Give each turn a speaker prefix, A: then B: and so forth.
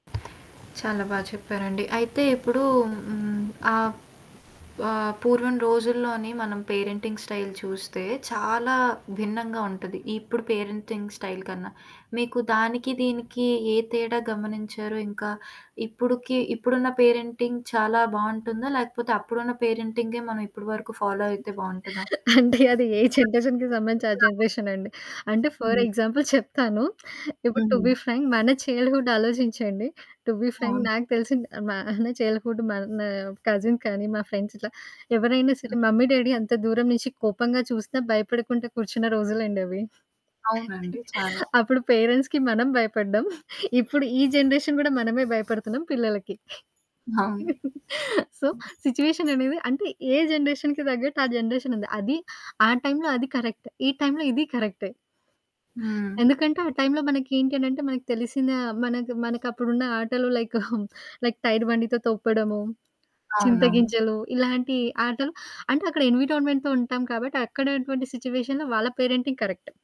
A: చాలా బా చెప్పారండి. అయితే ఇప్పుడు హ్మ్. ఆ ఆహ్, పూర్వం రోజుల్లోన్ని మనం పేరెంటింగ్ స్టైల్ చూస్తే చాలా భిన్నంగా ఉంటది, ఇప్పుడు పేరెంటింగ్ స్టైల్ కన్నా. మీకు దానికి, దీనికి, ఏ తేడా గమనించారు? ఇంకా ఇప్పడుకి, ఇప్పుడున్న పేరెంటింగ్ చాలా బాగుంటుందా? లేకపోతే అప్పుడున్నపేరెంటింగే మనం ఇప్పటివరకు ఫాలో అయితే బాగుంటదా?
B: అంటే అది ఏ జనరేషన్‌కి సంబంధించి ఆ!
A: [unintelligible]
B: జనరేషన్ అండి. అంటే ఫర్
A: హ్మ్.
B: ఎగ్జాంపుల్ చెప్తాను. ఇప్పుడు టు
A: హ్మ్.
B: బి ఫ్రాంక్ మన చైల్డ్‌హూడ్ ఆలోచించండి. టు బి ఫ్రాంక్
A: అవును.
B: నాకు తెలిసిన మన చైల్డ్‌హూడ్ మన కజిన్ కానీ, మా ఫ్రెండ్స్ ఇట్లా ఎవరైనా సరే
A: హ్మ్.
B: మమ్మీ డాడీ అంత దూరం నుంచి కోపంగా చూసి భయపడుకుంటూ కూర్చున్న రోజులండవి.
A: అవునండి చాలా.
B: అప్పుడు పేరెంట్స్‌కి మనం భయపడ్డం, ఇప్పుడు ఈ జనరేషన్ కూడా మనమే భయపడుతున్నాం పిల్లలకి.
A: అవును.
B: సో,
A: హ్మ్.
B: సిట్యుయేషన్ అనేది అంటే ఏ జనరేషన్‌కి తగ్గట్టు ఆ! జనరేషన్ ఉంది. అది ఆ! టైంలో అది కరెక్ట్ ఈ టైంలో ఇదీ కరెక్టె.
A: హ్మ్.
B: ఎందుకంటే ఆ! టైంలో, మనకేంటి అనంటే మనకి తెలిసిన మనకి మనకపుడున ఆటలు లైక్ లైక్ టైర్ బండి‌తో తప్పడము,
A: అవునవును.
B: చింతగింజలు, ఇలాంటి ఆటలు అంటే, అక్కడ ఎన్విరాన్మెంట్‌తో ఉంటాం కాబట్టి అక్కడున్నటువంటి సిట్యుయేషన్‌లో వాళ్ళ పేరెంటింగ్ కరెక్ట్.